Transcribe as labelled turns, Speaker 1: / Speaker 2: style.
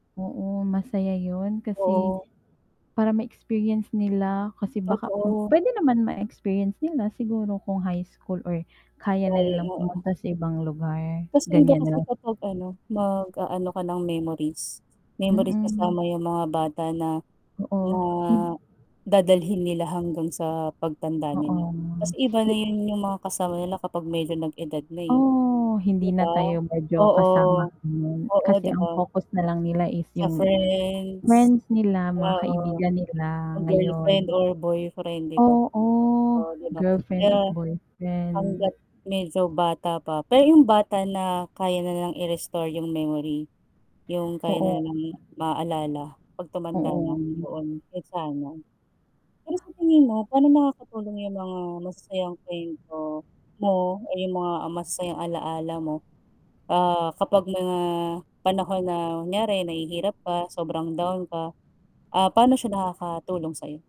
Speaker 1: Oo, masaya 'yun kasi,
Speaker 2: Oo.
Speaker 1: para ma-experience nila, kasi baka m
Speaker 2: Totoo.
Speaker 1: puwede naman ma-experience nila siguro kung high school or kaya na
Speaker 2: layo
Speaker 1: nilang
Speaker 2: nga.
Speaker 1: pumunta sa ibang lugar,
Speaker 2: As in daw
Speaker 1: ganiyan, no?
Speaker 2: kasi kapag ano, mag-aano ka ng memories, memories
Speaker 1: Mm.
Speaker 2: kasama yung mga bata na, na
Speaker 1: Oo, i
Speaker 2: dadalhin nila hanggang sa pagtanda
Speaker 1: oo,
Speaker 2: nila. Kasi iba na
Speaker 1: ib
Speaker 2: 'yun yung mga kasama nila kapag medyo nag edad na, eh.
Speaker 1: oh,
Speaker 2: Di
Speaker 1: hindi na
Speaker 2: ba,
Speaker 1: tayo medyo
Speaker 2: oo.
Speaker 1: kasama ngayon,
Speaker 2: Oo,
Speaker 1: kasi
Speaker 2: 'di
Speaker 1: ang
Speaker 2: ba?
Speaker 1: focus na lang nila is
Speaker 2: Sa
Speaker 1: yung,
Speaker 2: friends.
Speaker 1: friends nila mga
Speaker 2: Oo,
Speaker 1: kaibigan
Speaker 2: o
Speaker 1: nila
Speaker 2: girlfriend
Speaker 1: ngayon.
Speaker 2: or boyfriend 'di ba?
Speaker 1: Oo,
Speaker 2: Oh, 'di ba,
Speaker 1: girlfriend or
Speaker 2: kaya
Speaker 1: boyfriend.
Speaker 2: hangga't medyo bata pa pero yung bata na kaya nilang i-restore yung memory. Yung kaya na
Speaker 1: Oo.
Speaker 2: nilang maaalala 'pag tumanda na,
Speaker 1: Oo.
Speaker 2: yoon, 'yon sana. Pero sa tingin mo pa'no nakakatulong yung mga masasayang kuwento mo o yung mga masasayang alaala mo, ah, kapag mga panahon na kunyari nahihirap ka sobrang down ka, ah, paano siya nakakatulong sa'yo?